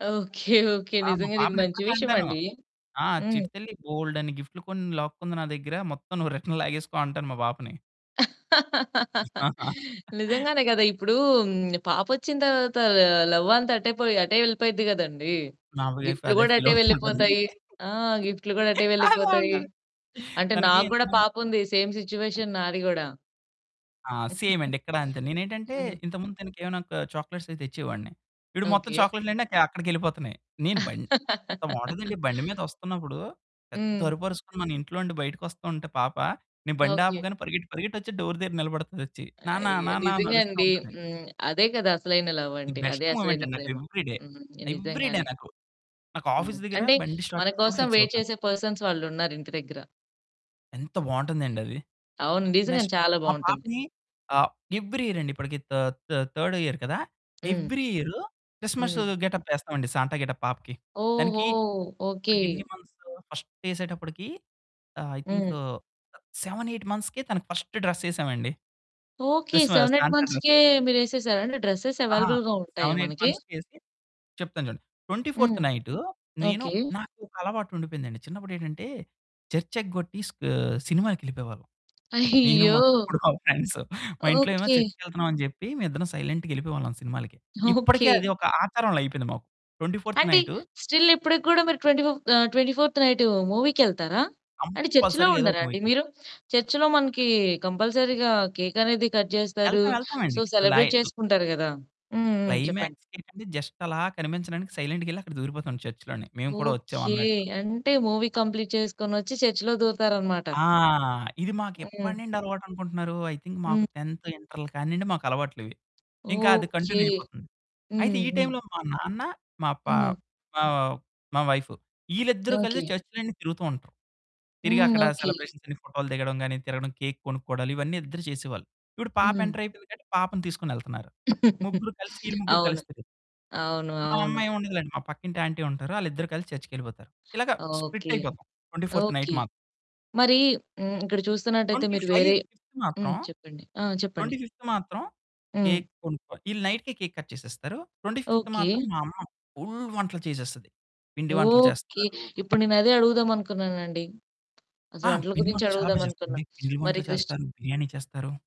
Okay. Okay. ఆ! మా నిజంగానే ఇది పాపని మంచి ఇప్పడికి విషయం అంటాను. అండి. ఆ! హ్మ్. చిట్టితల్లి బోలెడన్ని గిఫ్ట్లు కొన్ని లాక్కుంది నా దగ్గర. మొత్తం నువ్వు రిటర్న్ లాగేసుకో అంటాను మా పాపని. నిజంగానే గదా! ఇప్పుడు పాపొచ్చిన తరువాత లవ్ అంతా అటే పొయి, అటే వెళ్ళిపోయిద్ది గదండీ! నా వైఫ్ గిఫ్ట్లు అదే గూడా, ఫీల్ అటే అవుతుంటది. వెళ్ళిపోతాయి. ఆ! గిఫ్ట్లు గూడా అటే అదే వెళ్ళిపోతాయి. అంటది. అంటే తనకి నాకు ఇంత కూడా ముం పాపుంది. సేమ్ సిట్యుయేషన్ నాది గుడా. ఆ! సేమ్ అండి. ఇక్కడా అంతే, నేనేంటంటే హ్మ్. ఇంతకుముందు తనకేమైనా ఒక చాక్లెట్సవి తెచ్చేవాడిని. ఇపుడు మొత్తం ఓకె. చాక్లెట్లన్నీ క అక్కడికెళ్ళిపోతున్నాయి, నేను బం ఎంత బావుంటదండి. బండి మీదొస్తున్నప్పుడు, పెద్ద హ్మ్. అరుపరుసుకొని మన ఇంట్లో ఉండి బయటకి వస్తుంటే పాప, నేను బండి ఓకె. ఆపగానే పరిగెత్తి పరిగెట్టి వచ్చి డోర్ దగ్గర నిలబడతదొచ్చి. "నాన్న అయ్యో! నాన్న" అని నిజంగా అరుస్తా అండి. ఉంటది. హ్మ్, అదే గదా అసలైన లవ్ ది అంటే, అదే బెస్ట్ మొమెంట్ అసలైన అండి. నాకు ప్రేమ. ఎవ్రీడే. హ్మ్. ఎవ్రీడే నిజంగానే. నాకు. నాకు హ్మ్. ఆఫీస్ దగ్గర అంటే బండి స్టార్ట్ మన చేసినప్పుడు కోసం ఫిక్స్ వెయిట్ అవుతాను. చేసే పర్సన్స్ వాళ్ళున్నారు ఇంటి దగ్గర. ఎంత బావుంటుందండి అది. అవును నిజంగానే నెక్స్ట్ చాలా మా బావుంటుంది. పాపని ఆహ్, ఎవ్రీ ఇయర్ అండి. ఇప్పటికి థ థ థర్డ్ ఇయర్ కదా! హ్మ్. ఎవ్రీ ఇయర్ క్రిస్మస్ హ్మ్. రోజు గెటప్ యేస్తామండి. సాంట గెటప్ పాపకి. ఓహో! దానికి ఓకె. ఇప్పడికి ఎన్ని మంత్స్, ఫస్ట్ యేసేటప్పటికి ఆహ్, ఐ థింక్ హ్మ్. 7, 8 మంత్స్‌కే తనకి ఫస్ట్ డ్రెస్ యేసామండి. ఓకె. Christmas 7, 8 Santa dress. మంత్స్‌కే మీరేసేసారా? అంటే డ్రెసెస్ అహా! అవైలబుల్‌గా ఉంటాయా 7, 8 మనకి? మంత్స్‌కేసి చెప్తాను చూడండి. 24థ్ హ్మ్. నైటు, నేను ఓకె. నాకొక అలవాటుండిపోయిందండి. చిన్నప్పుడేంటంటే చర్చ్ ఎగ్గొట్టి స్క్ సినిమాకెళ్ళిపోయేవాళ్ళం. నేను, అయ్యో! మా తమ్ముడు, మా ఫ్రెండ్స్ మా ఇంట్లో ఏమో ఓకె. చర్చికెళ్తున్నాం అని చెప్పి. మేమిద్దరం సైలెంట్‌గ యెళ్ళిపోయేవాళ్ళం సినిమాలకి. ఇప్పటికే ఓకె. అది ఒక ఆచారంలా అయిపోయింది మాకు. 24థ్ అంటే, నైటు స్టిల్ ఇప్పడికి గూడా మీరు ట్వెంటీ ఫిఫ్ ఆహ్, 24థ్ నైటు మూవీకెళ్తారా? అంటే చర్చులో కంపల్సరీగా ఏదో ఉండరా ఒక అండి మూవీకి. మీరు? చర్చ్‌లో మనకి కంపల్సరీగా కేక్ అనేది కట్ జేస్తారు. యెళ్తాం సో, యెళ్తామండి. క్లై సెలబ్రేట్ చేసుకుంటారు గదా! హ్మ్. హ్మ్. చెప్పండి. క్లైమాక్స్‌కేంటంటే, జస్ట్ అలా కనిపించడానికి సైలెంట్‌గ యెళ్లి అక్కడ దూరిపోతాం చర్చిలోని. మేము కూడా వచ్చాం ఓకె. అన్నట్టు. అంటే మూవీ కంప్లీట్ చేసుకొనొచ్చి చర్చులో దూరుతారు అనమాట. ఆ! ఇది మాకు ఎప్పడి హ్మ్. నుండి అలవాటనుకుంటున్నారు, ఐ థింక్ హ్మ్. మాకు 10థ్, ఇంటర్ల కానియండి మాకు అలవాట్లివి, ఇంకా అది ఓకె. కంటిన్యూ అయిపోతుంది. అయితే హ్మ్ ఈ హ్మ్. టైంలో మా నాన్న మా ప హ్మ్. ప మా వైఫు ఈళ్ళిద్దరూ కలిసి ఓకె. చర్చులన్నీ తిరుగుతూ ఉంటారు. తిరిగి హ్మ్. అక్కడ ఓకె. సెలబ్రేషన్స్ అన్ని ఫోటోలు దిగడం గానీ, తిరగడం కేక్ కొనుక్కోవడాలు. ఇవన్నీ ఇద్దరూ చేసేవాళ్ళు. ఇప్పుడు పాప హ్మ్. ఎంటర్ అయిపోయింది కాబట్టి, పాపను తీసుకొనెళ్తున్నారు. ముగ్గురు కలిసి, ఈళ్ళు ముగ్గురు అవును. కలుస్తారు. అవును, మా అమ్మ అవును. ఏం ఉండదులెండి మా పక్కింటి ఆంటీ ఉంటారు. ఆళ్ళిద్దరూ కలిసి చర్చ్‌కెళ్ళిపోతారు. ఇలాగ స్ప్లిట్ ఓకె. అయిపోతాం 24థ్ నైట్ ఓకె, మాత్ మరి హ్మ్, ఇక్కడ చూస్తున్నట్తైతే ట్వెంటీ మీరు ఫైవ్ వేరే ఫిఫ్త్ హ్మ్, మాత్రం, చెప్పండి. ఆ! ట్వెంటీ చెప్పండి. ఫిఫ్త్ మాత్రం హ్మ్. కేక్ కొనుక్కో ఈళ్ళు నైట్‌కే కేక్ కట్ చేసేస్తారు. 25థ్ ఓకె. మాత్రం మా అమ్మ ఫుల్ వంటలు చేసేస్తది. పిండి వంటలు ఓకె. చేస్తారు. ఇప్పుడు నేను అదే అడుగుదామనుకున్నానండి. అసలు ఆ! వంటల పిండి గురించి వంటలు చాలా బా అడుగుదాం అనుకున్నా. చేస్తారండి. పిండి మరి వంటలు క్రిస్ట్ చేస్తారు, బిర్యానీ చేస్తారు.